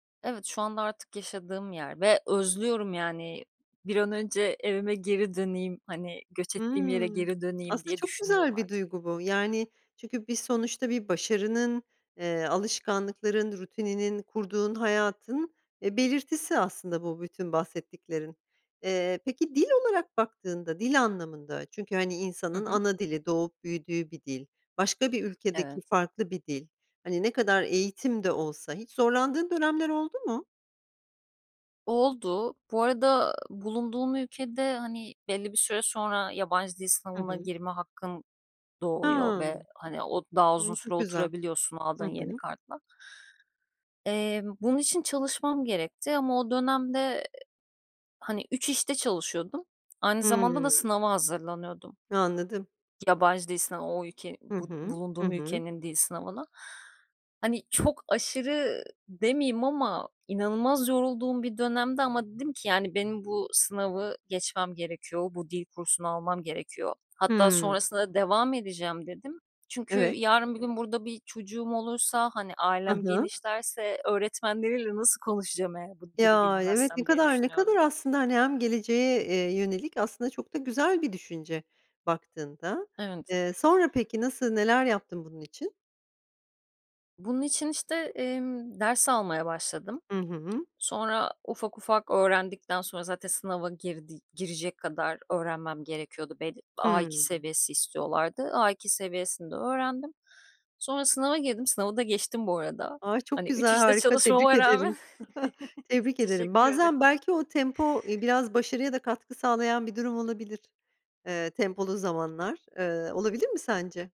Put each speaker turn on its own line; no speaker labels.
Evet, şu anda artık yaşadığım yer ve özlüyorum yani. Bir an önce evime geri döneyim, hani, göç ettiğim yere
Hımm.
geri döneyim
Aslında
diye
çok
düşünüyorum
güzel bir
artık.
duygu bu. Yani çünkü bir sonuçta bir başarının, eee, alışkanlıkların rutininin kurduğun hayatın, e, belirtisi aslında bu bütün bahsettiklerin. Eee, peki dil olarak baktığında, dil anlamında, çünkü, hani,
Hı
insanın
hı.
ana dili, doğup büyüdüğü bir dil, başka bir ülkedeki
Evet.
farklı bir dil, hani, ne kadar eğitim de olsa hiç zorlandığın dönemler oldu mu?
Oldu. Bu arada bulunduğum ülkede, hani, belli bir süre sonra yabancı dil
Hı
sınavına
hı.
girme hakkın doğuyor ve,
Hımm,
hani, o daha
ııı,
uzun süre
çok güzel.
oturabiliyorsun
Hı
aldığın yeni
hı.
kartla. Eee, bunun için çalışmam gerekti ama o dönem de, eee, hani, 3 işte çalışıyordum, aynı zamanda da
Hımm.
sınava hazırlanıyordum.
Anladım.
Yabancı dil sınavına o ülkeni
Hı
bu
hı. Hı
bulunduğum
hı.
ülkenin dil sınavına. Hani çok aşırı demeyeyim ama inanılmaz yorulduğum bir dönemdi ama dedim ki yani, "Benim bu sınavı geçmem gerekiyor. Bu dil kursunu almam gerekiyor." Hatta
Hımm.
sonrasında da devam edeceğim dedim, çünkü
Evet.
yarın bir gün burada bir çocuğum olursa, hani,
Ha
ailem
ha.
genişlerse öğretmenleriyle nasıl konuşacağım eğer bu dili
Ya, y evet, ne
bilmezsem diye
kadar ne kadar
düşünüyordum.
aslında, hani, hem geleceğe, eee, yönelik aslında çok da güzel bir düşünce baktığında.
Evet.
Eee, sonra, peki, nasıl neler yaptın bunun için?
Bunun için işte, emm, ders almaya başladım.
Hı hı.
Sonra ufak ufak öğrendikten sonra zaten sınava girdi girecek kadar öğrenmem gerekiyordu belli A2
Hımm.
seviyesi istiyorlardı. A2 seviyesinde öğrendim sonra sınava girdim sınavı da geçtim bu arada.
Ay, çok
Hani 3
güzel
işte
harika tebrik
çalışmama rağmen
ederim. Tebrik
S
ederim.
Teşekkür
Bazen
ederim.
belki o tempo, iii, biraz başarıya da katkı sağlayan bir durum olabilir, eee, tempolu zamanlar. Eee, olabilir mi sence?